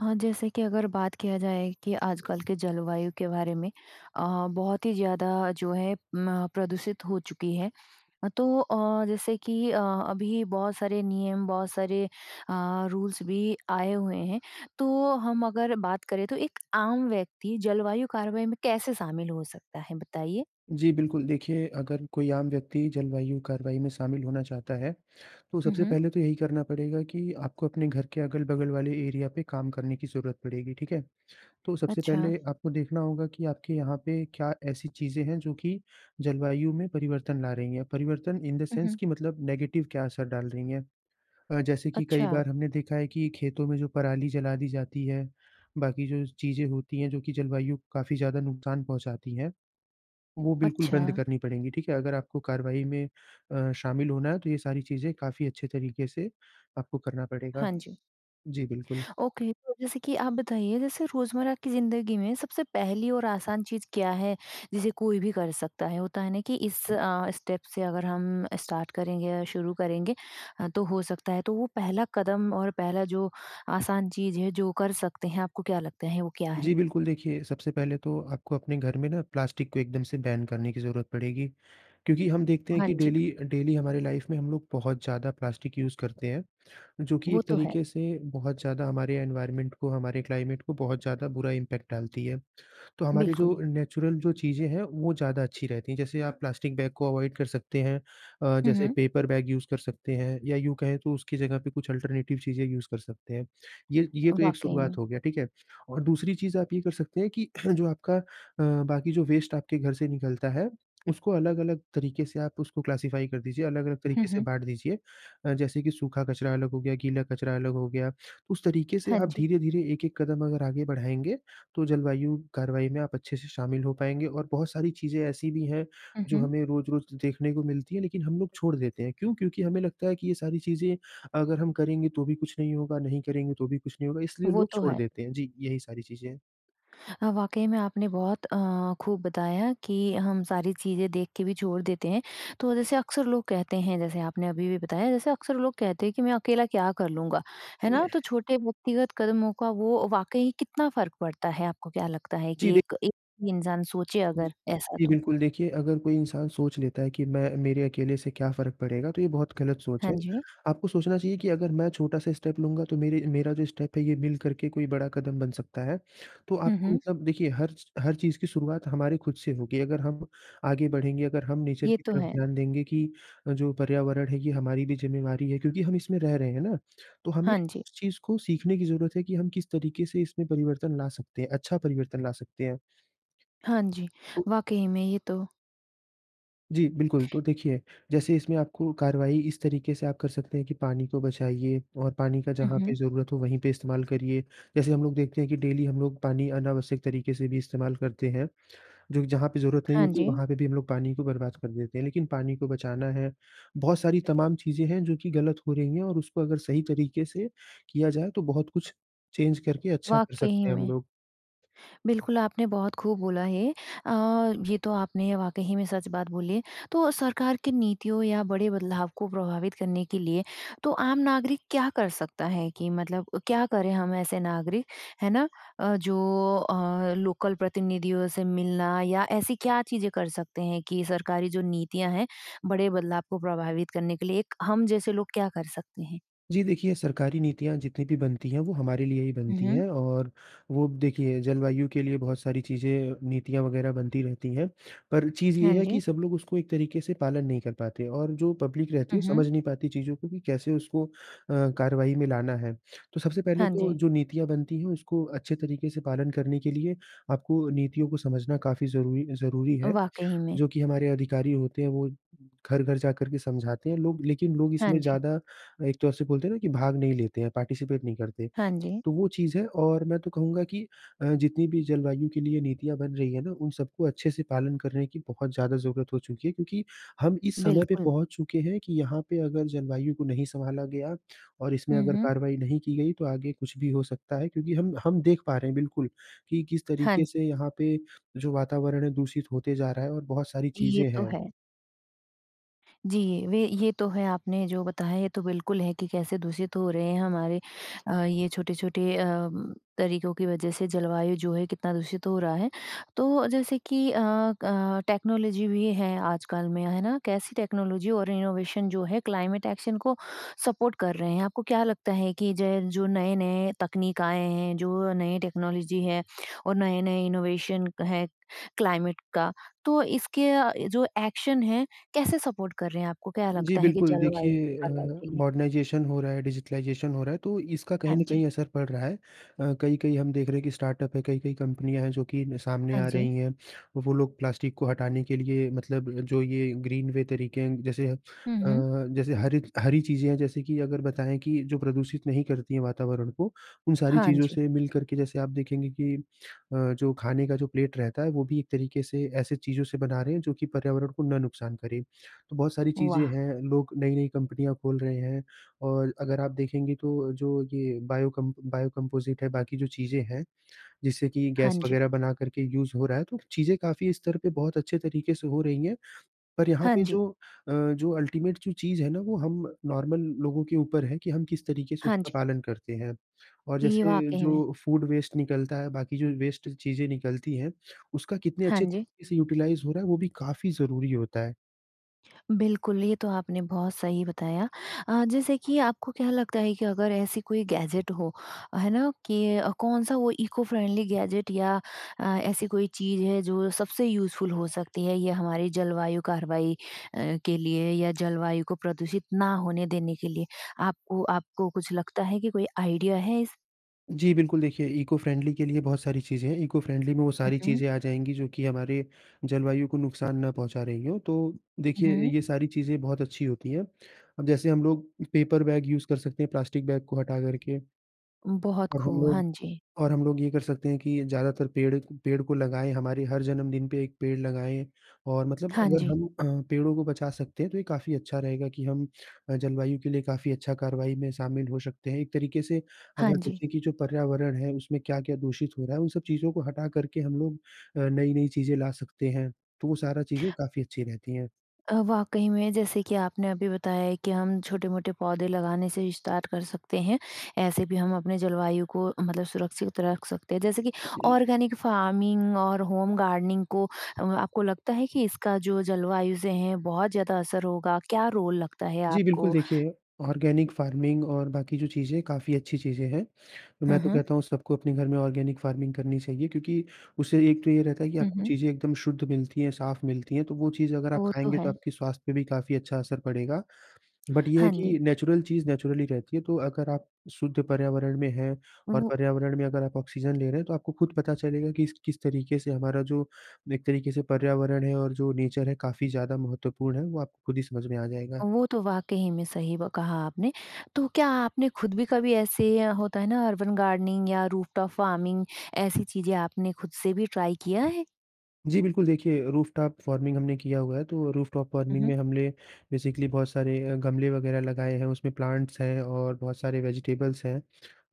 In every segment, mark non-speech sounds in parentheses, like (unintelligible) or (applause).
हाँ, जैसे कि अगर बात किया जाए कि आजकल के जलवायु के बारे में अ, बहुत ही ज़्यादा जो है म प्रदूषित हो चुकी है। अ, तो अ, जैसे कि अ, अभी बहुत सारे नियम बहुत सारे अ, रूल्स भी आए हुए हैं। तो हम अगर बात करें, तो एक आम व्यक्ति जलवायु कार्रवाई में कैसे शामिल हो सकता है? बताइए। जी, बिल्कुल। देखिए, अगर कोई आम व्यक्ति जलवायु कार्रवाई में शामिल होना चाहता है, तो हुँ, सबसे हुँ। पहले तो यही करना पड़ेगा कि आपको अपने घर के अगल-बगल वाले एरिया पे काम करने की ज़रूरत पड़ेगी। ठीक है? तो सबसे अच्छा। पहले आपको देखना होगा कि आपके यहाँ पे क्या ऐसी चीज़ें हैं जो कि जलवायु में परिवर्तन ला रही हैं। परिवर्तन इन द हुँ, सेंस हुँ। कि मतलब नेगेटिव क्या असर डाल रही हैं। अ, जैसे कि कई अच्छा। बार हमने देखा है कि खेतों में जो पराली जला दी जाती है, बाकी जो चीज़ें होती है जो कि जलवायु काफ़ी ज़्यादा नुकसान पहुँचाती हैं, वो बिल्कुल बंद अच्छा। करनी पड़ेंगी। ठीक है? अगर आपको कार्रवाई में अ, शामिल होना है, तो ये सारी चीज़ें काफ़ी अच्छे तरीके से आपको करना पड़ेगा। हाँ जी। जी बिल्कुल। ओके। तो जैसे कि आप बताइए, जैसे रोज़मर्रा की ज़िंदगी में सबसे पहली और आसान चीज़ क्या है, जिसे कोई भी कर सकता है? होता है ना कि इस अ, स्टेप से अगर हम स्टार्ट करेंगे या शुरू करेंगे अ, तो हो सकता है। तो वो पहला कदम और पहला जो आसान चीज़ है, जो कर सकते हैं, आपको क्या लगता है, वो क्या है? जी बिल्कुल, देखिए, सबसे पहले तो आपको अपने घर में ना प्लास्टिक को एकदम से बैन करने की ज़रूरत पड़ेगी। क्योंकि हम देखते हैं हाँ कि जी। डेली अ, डेली हमारी लाइफ़ में हम लोग बहुत ज़्यादा प्लास्टिक यूज़ करते हैं, जो कि वो एक तो है। तरीके से बहुत ज़्यादा हमारे इनवायरमेंट को, हमारे क्लाइमेट को बहुत ज़्यादा बुरा इंपैक्ट डालती है। तो हमारी जो बिल्कुल। अ, नेचुरल जो चीज़ें हैं, वो ज़्यादा अच्छी रहती हैं। जैसे आप प्लास्टिक बैग को अवॉइड कर सकते हैं अ, हुँ, जैसे हुँ। पेपर बैग यूज़ कर सकते हैं या यूँ कहें तो उसकी जगह पे कुछ अल्टरनेटिव चीज़ें यूज़ कर सकते हैं। ये ये तो एक वाक़ई शुरुआत में। हो गया। ठीक है? और दूसरी चीज़ आप ये कर सकते हैं कि (clears throat) जो आपका अ, बाकी जो वेस्ट आपके घर से निकलता है, उसको अलग-अलग तरीके से आप उसको क्लासिफाई कर दीजिए, अलग-अलग हुँ, तरीके से हुँ। बाँट दीजिए। अ, जैसे कि सूखा कचरा अलग हो गया, गीला कचरा अलग हो गया। उस तरीके से हाँ आप जी। धीरे-धीरे एक-एक कदम अगर आगे बढ़ाएँगे, तो जलवायु कार्रवाई में आप अच्छे से शामिल हो पाएँगे और बहुत सारी चीज़ें ऐसी भी हैं, हुँ, जो हुँ। हमें रोज़-रोज़ देखने को मिलती हैं लेकिन हम लोग छोड़ देते हैं। क्यों? क्योंकि हमें लगता है कि ये सारी चीज़ें अगर हम करेंगे तो भी कुछ नहीं होगा, नहीं करेंगे तो भी कुछ नहीं होगा, इसलिए वो लोग तो छोड़ है। देते हैं। जी, यही सारी चीज़ें हैं। अ, वाक़ई में आपने बहुत अ, खूब बताया कि हम सारी चीज़ें देखके भी छोड़ देते हैं। तो जैसे अक्सर लोग कहते हैं जैसे आपने अभी-अभी बताया, जैसे अक्सर लोग कहते हैं कि, "मैं अकेला क्या कर लूँगा?" है ना? तो (clears throat) छोटे व्यक्तिगत कदमों का वो वाक़ई कितना फ़र्क पड़ता है? आपको क्या लगता है जी कि दे एक एक ही इंसान सोचे जी। अगर ऐसा जी, तो? बिल्कुल। देखिए, अगर कोई इंसान सोच लेता है कि मैं मेरे अकेले से क्या फ़र्क पड़ेगा? तो ये बहुत गलत सोच हाँ है। जी आपको सोचना चाहिए कि अगर मैं छोटा-सा स्टेप लूँगा, तो मेरे मेरा जो स्टेप है, ये मिल करके कोई बड़ा कदम बन सकता है। तो हुँ, आपको हुँ। मतलब देखिए, हर च हर चीज़ की शुरुआत हमारी खुद से होगी। अगर हम आगे बढ़ेंगे, अगर हम नेचर ये की तो तरफ है। ध्यान देंगे कि अ, जो पर्यावरण है, ये हमारी भी ज़िम्मेवारी है क्योंकि हम इसमें रह रहे हैं, है ना? तो हमें हाँ जी। इस चीज़ को सीखने की ज़रूरत है कि हम किस तरीके से इसमें परिवर्तन ला सकते हैं, अच्छा परिवर्तन ला सकते हैं। हाँ जी। तो वाक़ई में, ये तो जी बिल्कुल। तो देखिए, जैसे इसमें आपको कार्रवाई इस तरीके से आप कर सकते हैं कि पानी को बचाइए और पानी का हुँ, जहाँ पे हुँ। ज़रूरत हो, वहीं पे इस्तेमाल करिए। जैसे हम लोग देखते हैं कि डेली हम लोग पानी अनावश्यक तरीके से भी इस्तेमाल करते हैं, जो कि जहाँ पे ज़रूरत नहीं हाँ होती, जी। वहाँ पे भी हम लोग पानी को बर्बाद कर देते हैं। लेकिन पानी को बचाना है। बहुत सारी तमाम चीज़ें हैं जो कि गलत हो रही हैं और उसको अगर सही तरीके से किया जाए, तो बहुत कुछ चेंज करके अच्छा कर वाक़ई सकते हैं हम में। लोग। बिल्कुल, आपने बहुत खूब बोला है। अ, ये तो आपने वाक़ई में सच बात बोली है। तो सरकार की नीतियों या बड़े बदलाव को प्रभावित करने के लिए तो आम नागरिक क्या कर सकता है कि मतलब अ, क्या करें हम ऐसे नागरिक? है ना? अ, जो अ, लोकल प्रतिनिधियों से मिलना या ऐसी क्या चीज़ें कर सकते हैं कि सरकारी जो नीतियाँ हैं, बड़े बदलाव को प्रभावित करने के लिए एक हम जैसे लोग क्या कर सकते हैं? जी देखिए, सरकारी नीतियाँ जितनी भी बनती हैं, वो हमारे लिए ही हुँ, बनती हुँ। हैं और वो देखिए, जलवायु के लिए बहुत सारी चीज़ें, नीतियाँ वग़ैरह बनती रहती हैं। पर चीज़ हाँ ये है जी। कि सब लोग उसको एक तरीके से पालन नहीं कर पाते और जो पब्लिक रहती हुँ, है हुँ। समझ नहीं पाती चीज़ों को कि कैसे उसको अ, कार्रवाई में लाना है। तो सबसे पहले हाँ तो जी। जो नीतियाँ बनती हैं, उसको अच्छे तरीके से पालन करने के लिए आपको नीतियों को समझना काफ़ी ज़रूरी अ, ज़रूरी अ, है। वाक़ई में। जो कि हमारे अधिकारी होते हैं, वो घर-घर जाकर के समझाते हैं लोग लेकिन लोग हाँ इसमें जी। ज़्यादा एक तौर से बोलते हैं ना कि भाग नहीं लेते हैं, पार्टिसिपेट नहीं करते। हाँ जी। तो वो चीज़ है और मैं तो कहूँगा कि अ, जितनी भी जलवायु के लिए नीतियाँ बन रही हैं ना, उन सबको अच्छे से पालन करने की बहुत ज़्यादा ज़रूरत हो चुकी है क्योंकि हम इस समय पे बिल्कुल। पहुँच चुके हैं कि यहाँ पे अगर जलवायु को नहीं संभाला गया और इसमें हुँ, अगर हुँ। कार्रवाई नहीं की गई, तो आगे कुछ भी हो सकता है क्योंकि हम हम देख पा रहे हैं, बिल्कुल, कि किस तरीके हाँ। से यहाँ पे जो वातावरण है दूषित होते जा रहा है और बहुत सारी ये चीज़ें तो हैं। है। जी, वे ये तो है। आपने जो बताया, ये तो बिल्कुल है कि कैसे दूषित हो रहे हैं हमारे अ, ये छोटे-छोटे अ, तरीकों की वज़ह से जलवायु जो है कितना दूषित हो रहा है। तो जैसे कि अ, अ, टेक्नोलॉजी भी है आजकल में। है ना? कैसी टेक्नोलॉजी और इनोवेशन जो है क्लाइमेट एक्शन को सपोर्ट कर रहे हैं। आपको क्या लगता है कि जे जो नए-नए तकनीक आए हैं, जो नए टेक्नोलॉजी है और नए-नए इनोवेशन है क्लाइमेट का, तो इसके अ, जो एक्शन है, कैसे सपोर्ट कर रहे हैं, आपको क्या जी लगता है कि बिल्कुल। जल वायु देखिए (unintelligible) अ, के लिए? मॉडर्नाइज़ेशन हो रहा है, डिजिटाइज़ेशन हो रहा है, तो इसका हाँ कहीं न जी। कहीं असर पड़ रहा है। अ, कई-कई हम देख रहे हैं कि स्टार्टअप है, कई-कई कंपनियाँ हैं जो कि न सामने हाँ आ जी। रही हैं। वो लोग प्लास्टिक को हटाने के लिए मतलब जो ये ग्रीन वे तरीके हैं, जैसे हुँ, अ, हुँ। जैसे हरिक हरी चीज़ें हैं, जैसे कि अगर बताएँ कि जो प्रदूषित नहीं करती हैं वातावरण को, उन सारी हाँ चीज़ों जी। से मिलकर के जैसे आप देखेंगे कि अ, जो खाने का जो प्लेट रहता है, वो भी एक तरीके से ऐसे चीज़ों से बना रहे हैं जो कि पर्यावरण को ना नुकसान करें। तो बहुत सारी चीज़ें वाह! हैं। लोग नई-नई कंपनियाँ खोल रहे हैं और अगर आप देखेंगे तो जो ये बायो कम बायो कंपोज़िट है, बाकी जो चीज़ें हैं, जिससे कि हाँ गैस जी। वग़ैरह बनाकर के यूज़ हो रहा है, तो चीज़ें काफ़ी स्तर पे बहुत अच्छे तरीके से हो रही हैं। पर यहाँ हाँ पे जी। जो अ, जो अल्टिमेट जो चीज़ है ना, वो हम नॉर्मल लोगों के ऊपर है कि हम किस तरीके से हाँ उसका जी। पालन करते हैं। और इ जैसे वाक़ई में। जो फूड वेस्ट निकलता है, बाकी जो वेस्ट चीज़ें निकलती हैं, उसका कितने हाँ अच्छे जी। तरीके से यूटिलाइज़ हो रहा है, वो भी काफ़ी ज़रूरी होता है। बिल्कुल, ये तो आपने बहुत सही बताया। अ, जैसे कि आपको क्या लगता है कि अगर ऐसी कोई गैज़ेट हो, है ना? कि अ, कौन-सा वो इको फ़्रेंडली गैज़ेट या अ, ऐसी कोई चीज़ है जो सबसे यूज़फुल हो सकती है या हमारे जलवायु कार्यवाही अ, के लिए या जलवायु को प्रदूषित ना होने देने के लिए आपको आपको कुछ लगता है कि कोई आइडिया है इस जी बिल्कुल, देखिए इको फ्रेंडली के लिए बहुत सारी चीज़ें हैं। इको फ्रेंडली में वो सारी उहुँ। चीज़ें आ जाएँगी जो कि हमारे जलवायु को नुकसान ना पहुँचा रही हों। तो हुँ, देखिए, अ, हुँ। ये सारी चीज़ें बहुत अच्छी होती हैं। अब जैसे हम लोग पेपर बैग यूज़ कर सकते हैं प्लास्टिक बैग को हटा करके। बहुत और हम खूब, हाँ लोग जी। और हम लोग ये कर सकते हैं कि ज़्यादातर पेड़ पेड़ को लगाएँ हमारी हर जन्मदिन पे 1 पेड़ लगाएँ और मतलब हाँ, अगर जी। हम अ, पेड़ों को बचा सकते हैं तो ये काफ़ी अच्छा रहेगा कि हम अ, जलवायु के लिए काफ़ी अच्छा कार्रवाई में शामिल हो सकते हैं। एक तरीके से हाँ, अगर जी। देखें कि जो पर्यावरण है उसमें क्या-क्या दूषित हो रहा है वो सब चीज़ों को हटा करके हम लोग अ, नई-नई चीज़ें ला सकते हैं। तो वो सारा चीज़ें काफ़ी अच्छी रहती हैं। अ, वाक़ई में जैसे कि आपने अभी बताया है कि हम छोटे-मोटे पौधे लगाने से विस्तार कर सकते हैं। ऐसे भी हम अपने जलवायु को मतलब सुरक्षित रख सकते हैं जैसे कि ऑर्गैनिक फ़ार्मिंग और होम गार्डनिंग को अ, आपको लगता है कि इसका जो जलवायु से हैं बहुत ज़्यादा असर होगा क्या रोल लगता है जी। बिल्कुल आपको? देखिए ऑर्गेनिक फार्मिंग और बाकी जो चीज़ हैं काफ़ी अच्छी चीज़ें हैं। तो हुँ, मैं तो हुँ। कहता हूँ सबको अपने घर में ऑर्गेनिक फार्मिंग करनी चाहिए क्योंकि उससे एक तो ये रहता है कि हुँ, आपको हुँ। चीज़ें एकदम शुद्ध मिलती हैं साफ़ मिलती हैं तो वो चीज़ अगर आप वो तो खाएँगे तो है। आपके स्वास्थ्य पे भी काफ़ी अच्छा असर पड़ेगा। (smacks lips) बट ये है हाँ, जी। कि नैचुरल चीज़ नैचुरली ही रहती है। तो अगर आप शुद्ध पर्यावरण में हैं और वो पर्यावरण में अगर आप ऑक्सीज़न ले रहें हैं तो आपको खुद पता चलेगा कि इसक किस तरीके से हमारा जो एक तरीके से पर्यावरण है और जो नेचर है काफ़ी ज़्यादा महत्वपूर्ण है। वो आपको खुद ही समझ में आ जाएगा। वो तो वाक़ई में सही व कहा आपने। तो क्या आपने खुद भी कभी ऐसे या होता है ना, अर्बन गार्डनिंग या रूफ़टॉफ फार्मिंग। ऐसी चीज़ें आपने खुद से भी ट्राई किया है? जी बिल्कुल। देखिए, रूफटॉप फ़ार्मिंग हमने किया हुआ है तो वो रूफटॉप फ़ार्मिंग उहुँ। में हमने बेसिकली बहुत सारे अ, गमले वग़ैरह लगाएँ हैं उसमें प्लांट्स हैं और बहुत सारे वेज़िटेबल्स हैं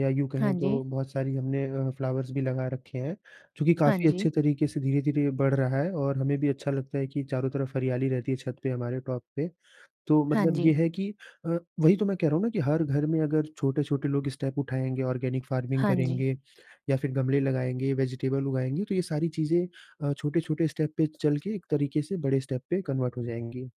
या यूँ हाँ, कहें जी। तो बहुत सारी हमने अ, फ्लावर्स भी लगा रखे हैं चूँकि हाँ, काफ़ी जी। अच्छे तरीके से धीरे-धीरे बढ़ रहा है और हमें भी अच्छा लगता है कि चारों तरफ हरियाली रहती है छत पे हमारे टॉप पे। तो हाँ, मतलब ये जी। है कि अ, वही तो मैं कह रहा हूँ ना, कि हर घर में अगर छोटे-छोटे लोग स्टेप उठाएँगे ऑर्गेनिक फार्मिंग हाँ, जी। करेंगे या फिर गमले लगाएँगे वेज़िटेबल उगाएँगे तो ये सारी चीज़ें अ, छोटे-छोटे स्टेप पे चलके एक तरीके से बड़े स्टेप पे कन्वर्ट हो जाएँगी।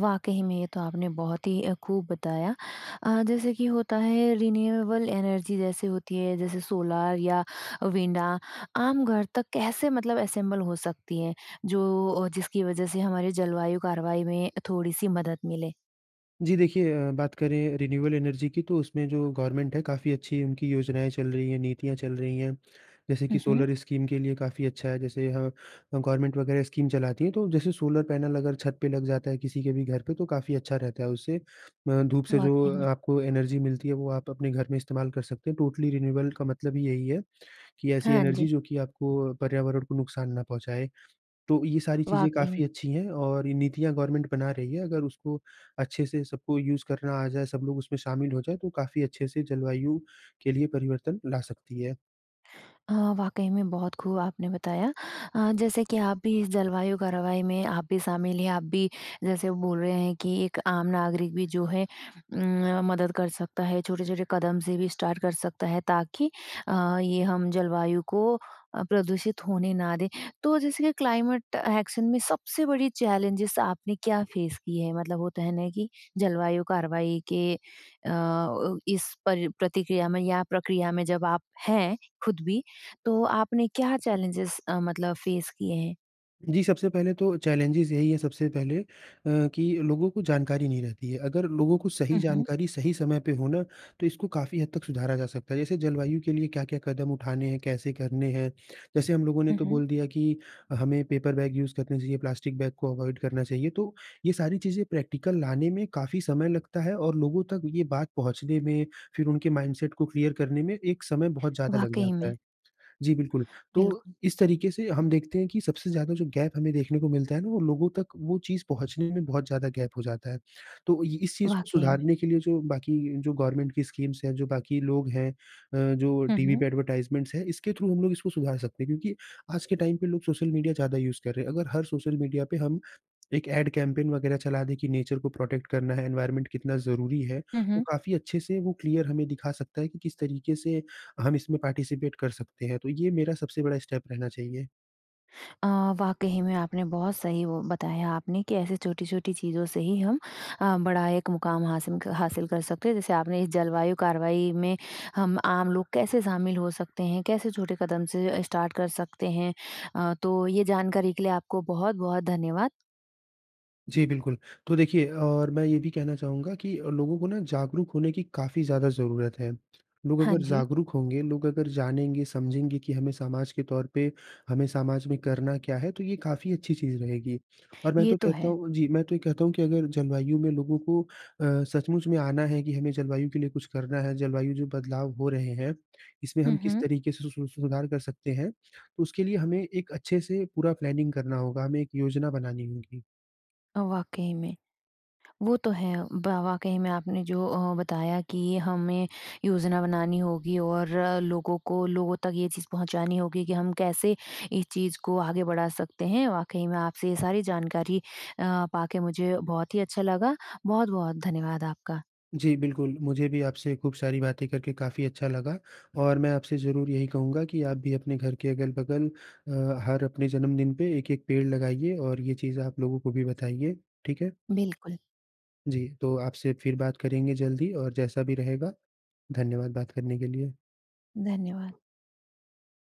वाक़ई में ये तो आपने बहुत ही अ, खूब बताया। अ, जैसे कि होता है रिन्यूएबल एनर्जी जैसे होती है जैसे सोलर या विंड आम घर तक कैसे मतलब असेम्बल हो सकती हैं? जो ओ जिसकी वज़ह से हमारे जलवायु कार्यवाही में थोड़ी-सी मदद मिले? जी। देखिए अ, बात करें रिन्यूएबल एनर्जी की, तो उसमें जो गवर्नमेंट है काफ़ी अच्छी उनकी योजनाएँ चल रही हैं नीतियाँ चल रही हैं। जैसे कि हुँ, हुँ। सोलर स्कीम के लिए काफ़ी अच्छा है। जैसे यहाँ अ, गवर्नमेंट वग़ैरह स्कीम चलाती हैं तो जैसे कि सोलर पैनल अगर छत पे लग जाता है किसी के भी घर पे तो काफ़ी अच्छा रहता है उससे म धूप से जो वाक़ई अ, में। आपको एनर्जी मिलती है वो आप अपने घर में इस्तेमाल कर सकते हैं। टोटली रिन्यूएबल का मतलब ही यही है, कि ऐसी हाँ, एनर्जी जी। जो कि आपको अ, पर्यावरण को नुकसान न पहुँचाए। तो ये सारी चीज़ें वाक़ई में। काफ़ी अच्छी हैं और ये नीतियाँ गवर्नमेंट बना रही है अगर उसको अच्छे से सबको यूज़ करना आ जाएँ सब लोग उसमें शामिल हों जाएँ तो काफ़ी अच्छे से जलवायु के लिए परिवर्तन ला सकती है। हाँ, वाक़ई में बहुत खूब आपने बताया। अ, जैसे कि आप भी इस जलवायु, कार्यवाही में आप भी शामिल हैं आप भी जैसे बोल रहे हैं कि एक आम नागरिक भी जो है उम, मदद कर सकता है। छोटे-छोटे कदम से भी स्टार्ट कर सकता है ताकि अ, ये हम जलवायु को अ, प्रदूषित होने ना दें। तो जैसे कि क्लाइमेट एक्शन में सबसे बड़ी चैलेंजेज़ आपने क्या फ़ेस किए हैं मतलब होता है ना कि जलवायु कार्यवाही के अ, अव इस पर प्रतिक्रिया में या प्रक्रिया में जब आप हैं खुद भी तो आपने क्या चैलेंजेज़ अ, मतलब फ़ेस किए हैं? जी सबसे पहले तो चैलेंजेज़ यही है सबसे पहले अ, कि लोगों को जानकारी नहीं रहती है। अगर लोगों को सही उहुँ। जानकारी सही समय पे हो ना तो इसको काफ़ी हद तक सुधारा जा सकता है। जैसे जलवायु के लिए क्या-क्या कदम उठाने हैं? कैसे करने हैं? जैसे हम लोगों ने हुँ, तो हुँ। बोल दिया कि हमें पेपर बैग यूज़ करना चाहिए प्लास्टिक बैग को अवॉइड करना चाहिए तो ये सारी चीज़ें प्रैक्टिकल लाने में काफ़ी समय लगता है और लोगों तक ये बात पहुँचने में फिर उनके माइंडसेट को क्लीयर करने में एक समय बहुत ज़्यादा लग वाक़ई जाता में। है। जी, बिल्कुल। तो बिल्कुल। इस तरीके से हम देखते हैं कि सबसे ज़्यादा जो गैप हमें देखने को मिलता है वो लोगों तक वो चीज़ पहुँचने में बहुत ज़्यादा गैप हो जाता है। तो अ, ये इस चीज़ को वाक़ई में। सुधारने के लिए जो बाकी जो गवर्नमेंट की स्कीम्स हैं जो बाकी लोग हैं। अ, जो हुँ, टीवी हुँ। पे एडवर्टाइजमेंट्स हैं इसके थ्रू हम लोग इसको सुधार सकते हैं। क्योंकि आज के टाइम पे लोग सोशल मीडिया ज़्यादा यूज़ कर रहें हैं। अगर हर सोशल मीडिया पे हम, एक ऐड कैम्पेन वग़ैरह चला दें कि नेचर को प्रोटेक्ट करना है एनवायरमेंट कितना ज़रूरी है, हुँ, तो हुँ। काफ़ी अच्छे से वो क्लीयर हमें दिखा सकता है कि किस तरीके से हम इसमें पार्टिसिपेंट कर सकते हैं। तो ये मेरा सबसे बड़ा स्टेप रहना चाहिए। अ, वाक़ई ही में आपने बहुत सही वो बताया आपने। कैसे छोटी-छोटी चीज़ों से ही हम अ, बड़ा एक मुकाम हासिन हासिल कर सकते हैं जैसे आपने इस जलवायु कार्यवाही में हम आम लोग कैसे शामिल हो सकते हैं? कैसे छोटे कदम से अ, स्टार्ट कर सकते हैं? अ, तो ये जानकारी के लिए आपको बहुत-बहुत धन्यवाद। जी, बिल्कुल। तो देखिए और मैं ये भी कहना चाहूँगा कि लोगों को ना जागरूक होने की काफ़ी ज़्यादा ज़रूरत है। लोग हाँ, अगर जी। जागरूक होंगे, लोग अगर जानेंगे समझेंगे कि हमें समाज के तौर पे, हमें समाज में करना क्या है तो ये काफ़ी अच्छी चीज़ रहेगी। और मैं ये तो तो कहता है। हूँ जी। मैं तो ये कहता हूँ कि अगर जलवायु में लोगों को अ, सचमुच में आना है कि हमें जलवायु के लिए कुछ करना है, जलवायु जो बदलाव हो रहे हैं, इसमें हुँ, हम किस हुँ। तरीके से सु सु सुधार कर सकते हैं। उसके लिए हमें एक अच्छे से पूरा प्लानिंग करना होगा। हमें एक योजना बनानी होगी। वाक़ई में। वो तो है ब वाक़ई में आपने जो अ, बताया कि हमें योजना बनानी होगी और लोगों को लोगों तक ये चीज़ पहुँचानी होगी कि हम कैसे इस चीज़ को आगे बढ़ा सकते हैं? वाक़ई मैं आपसे ये सारी जानकारी अ, पाके मुझे बहुत ही अच्छा लगा। बहुत-बहुत धन्यवाद आपका। जी, बिल्कुल। मुझे भी आपसे खूब सारी बातें करके काफ़ी अच्छा लगा और मैं आपसे ज़रूर यही कहूँगा कि आप भी अपने घर के अगल-बगल अ, हर अपने जन्मदिन पे एक-एक पेड़ लगाइए और ये चीज़ आप लोगों को भी बताइए। ठीक है? बिल्कुल। जी। तो आपसे फिर बात करेंगे जल्द ही और जैसा भी रहेगा धन्यवाद बात करने के लिए। धन्यवाद।